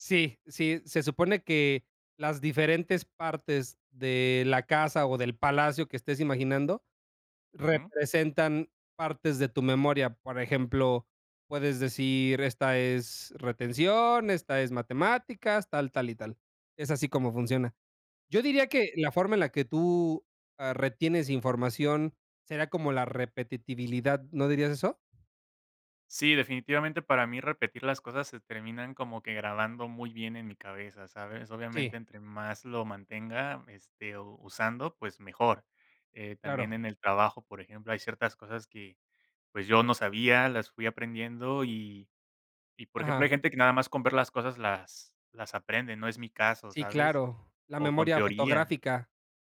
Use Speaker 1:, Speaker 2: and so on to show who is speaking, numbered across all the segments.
Speaker 1: Sí, sí, se supone que las diferentes partes de la casa o del palacio que estés imaginando
Speaker 2: Ujú.
Speaker 1: representan partes de tu memoria. Por ejemplo, puedes decir: "Esta es retención, esta es matemáticas, tal, tal y tal", es así como funciona. Yo diría
Speaker 2: Ah.
Speaker 1: que la forma en la que tú a retienes información sería como la repetibilidad, ¿no dirías eso?
Speaker 2: Sí, definitivamente para mí repetir las cosas se terminan como que grabando muy bien en mi cabeza, ¿sabes?
Speaker 1: Sí.
Speaker 2: Obviamente entre más lo mantenga, este, o usando, pues, mejor. Eh, también
Speaker 1: Claro.
Speaker 2: en el trabajo, por ejemplo, hay ciertas cosas que, pues, yo no sabía, las fui aprendiendo y y por ejemplo,
Speaker 1: Ajá.
Speaker 2: hay gente que nada más con ver las cosas las las aprende, no es mi caso,
Speaker 1: Sí,
Speaker 2: ¿sabes?
Speaker 1: claro. La
Speaker 2: O con
Speaker 1: memoria
Speaker 2: teoría
Speaker 1: fotográfica.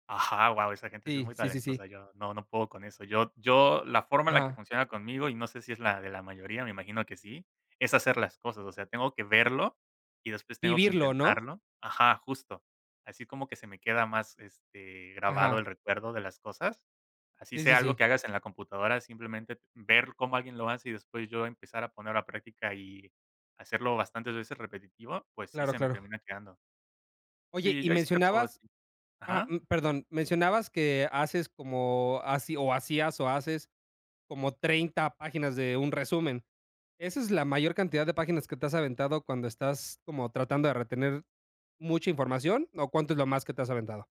Speaker 2: ajá, guau, esa gente sí es
Speaker 1: Sí,
Speaker 2: muy
Speaker 1: sí, sí, sí.
Speaker 2: talentosa, yo no no puedo con eso. Yo yo la forma en la que
Speaker 1: Ajá.
Speaker 2: funciona conmigo, y no sé si es la de la mayoría, me imagino que sí, es hacer las cosas, o sea, tengo que verlo y después tengo que
Speaker 1: Vivirlo ¿no?
Speaker 2: intentarlo ajá, justo. Así como que se me queda más, este, grabado el
Speaker 1: Ajá
Speaker 2: recuerdo de las cosas. Así
Speaker 1: Sí, sí,
Speaker 2: sea algo
Speaker 1: sí.
Speaker 2: que hagas en la computadora, simplemente ver cómo alguien lo hace, y después yo empezar a poner a la práctica y hacerlo bastantes veces repetitivo, pues sí,
Speaker 1: Claro,
Speaker 2: se me
Speaker 1: claro.
Speaker 2: termina quedando.
Speaker 1: Oye,
Speaker 2: Sí,
Speaker 1: y
Speaker 2: yo ahí sí te puedo
Speaker 1: mencionabas
Speaker 2: decir
Speaker 1: ajá,
Speaker 2: ajá.
Speaker 1: mm, perdón, mencionabas que haces como, haci o, hacías, o haces como 30 páginas de un resumen, ¿esa es la mayor cantidad de páginas que te has aventado cuando estás como tratando de retener mucha información, o cuánto es lo más que te has aventado?